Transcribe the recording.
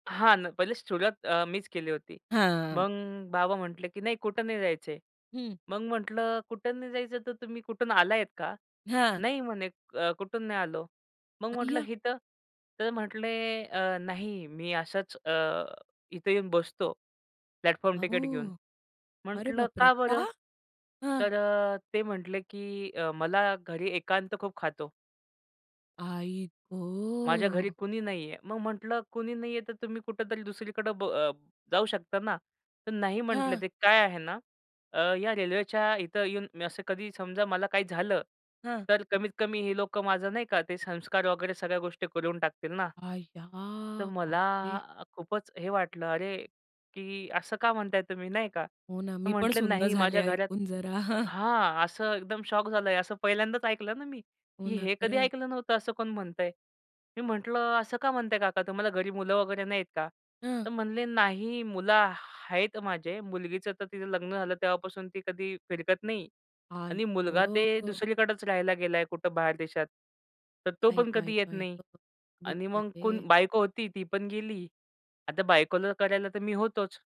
हां ना, पहिलेच सुरुवात अ, मीच केली होती. हां. मग बाबा म्हटले, "की नाही कुठं नाही जायचं." हं. मग म्हटलं, "कुठं नाही जायचं तर तुम्ही कुठून आला आहेत का?" हां. "नाही." म्हणे, "क कुठून नाही आलो." मग म्हटलं अय्या! "इथं?" तर म्हटले, "अ, नाही मी अशाच अ, इथं येऊन बसतो, प्लॅटफॉर्म टिकट घेऊन." अहो. अरे म्हटलं बाप रे! "का का? बरं?" हां! तर अ, ते म्हटले की "अ, मला घरी एकांत खूप खातो." आई "माझ्या घरी गं! कुणी नाहीये." मग म्हटलं, "कुणी नाहीये, तर तुम्ही कुठेतरी दुसरीकडं ब जाऊ शकता ना?" तर "नाही." म्हटले हां. ते "काय आहे ना, अ, या रेल्वेच्या इथं येऊन मी असं कधी समजा मला काही झालं हां. तर कमीत-कमी हे लोकं माझं नाही का, ते संस्कार वगैरे सगळ्या गोष्टी करून टाकतील ना. अय्या! तर बाप मला रे! खूपच हे वाटलं, "अरे!" की "असं का म्हणताय तुम्ही?" नाही का, हो ना, तर मी पण म्हटले, सुन्न "नाही झाले माझ्या घरात" ऐकून जरा. हां. असं एकदम शॉक झालंय, असं पहिल्यांदाच ऐकलं ना मी, हो की ना, हे कधी खरे आहे. ऐकलं नव्हतं असं कोण म्हणतंय. मी म्हटलं, "असं का म्हणताय काका? तुम्हाला घरी मुलं वगैरे नाहीत का?" हं. तर म्हणले, "नाही मुलं ह आहेत माझे, मुलगीचं तर तिचं लग्न झालं, तेव्हापासून ती कधी फिरकत नाही. आई आणि मुलगा ते गं! दुसरीकडेच राहायला गेला आहे कुठं बाहेर देशात. तर तो बाई, पण बाई, कधी येत बाई नाही गं! आणि मग कोण, बिचारे. बायको होती ती पण गेली. आता बायकोला करायला तर मी होतोच."